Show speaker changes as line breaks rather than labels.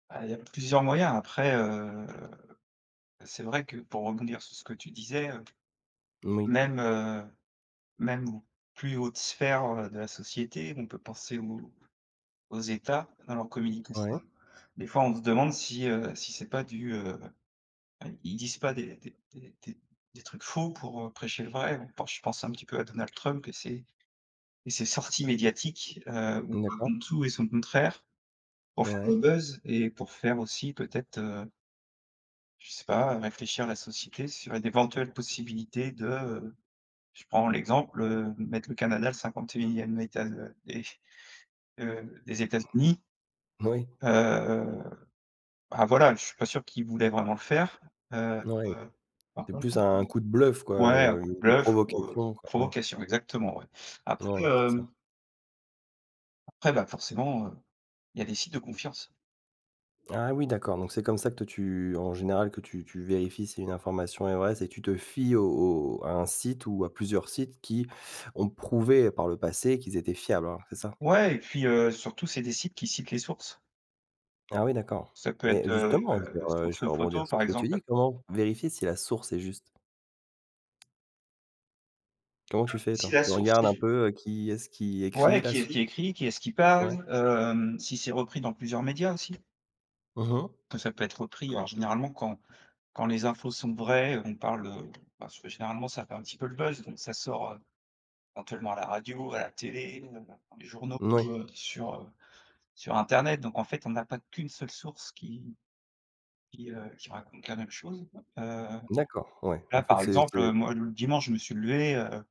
Bah, il y a plusieurs moyens après, heu, c'est vrai que pour rebondir sur ce que tu disais, heu,
Moui.
même, heu, même aux plus hautes sphères, heu, de la société, on peut penser aux aux États, à leur communication.
Ouais.
Des fois, on se demande si, heu, si c'est pas du, heu ouais ils disent pas des des des des des trucs faux pour, heu, prêcher le vrai, hein, pour je pense un petit peu à Donald Trump et ses et ses sorties médiatiques, heu, où
N d'accord.
où tout et son contraire, pour faire le
Ouais.
buzz et pour faire aussi peut-être, heu je sais pas, réfléchir à la société sur d'éventuelles possibilités de, heu, je prends l'exemple, heu, mettre le Canada le 51e état de des heu, des États-Unis.
Moui.
Heu, bah, voilà je suis pas sûr qu'il voulait vraiment le faire, heu,
Mouais.
heu, par
C'est
contre
plus un coup de bluff, quoi,
ouais, un
heu,
coup de
une
bluff ou, heu,
provocation, quoi. Ouais.
provocation exactement, ouais.
Ouais,
Après,
c'est ça.
hem après, bah, forcément, heu, il y a des sites de confiance.
Ah oui, d'accord. Donc, c'est comme ça que toi, tu en général, que tu tu vérifies si une information est vraie, c'est tu te fies au au à un site ou à plusieurs sites qui ont prouvé, par le passé, qu'ils étaient fiables, hein, c'est ça?
Ouais et puis, heu, surtout c'est des sites qui citent les sources.
Ah oui, d'accord.
Ça peut être,
Mais
heu,
justement,
heu,
genre, heu, je
source
vais rebondir
photo,
sur
par
ce que tu
exemple.
dis. Comment vérifier si la source est juste? Comment tu fais
Si
toi?
la
Tu
source
regardes
est
un
j
peu qui est-ce qui
Ouais.
écrit la
Qui est-ce
source?
qui écrit? Qui est-ce qui parle?
Ouais.
Hem, si c'est repris dans plusieurs médias aussi.
Mmh mh.
Peut ça peut être repris, alors généralement, quand quand les infos sont vraies, on parle, heu, parce que généralement ça fait un petit peu le buzz, donc ça sort, heu, éventuellement à la radio, à la télé, heu, dans les journaux,
N ouais.
heu, sur, heu, sur internet. Donc, en fait, on n'a pas qu'une seule source qui qui, heu, qui raconte la même chose. Heu,
D'accord, ouais. En
là
fait,
par
c'est c'est
exemple, heu, moi l dimanche je me suis levé, heu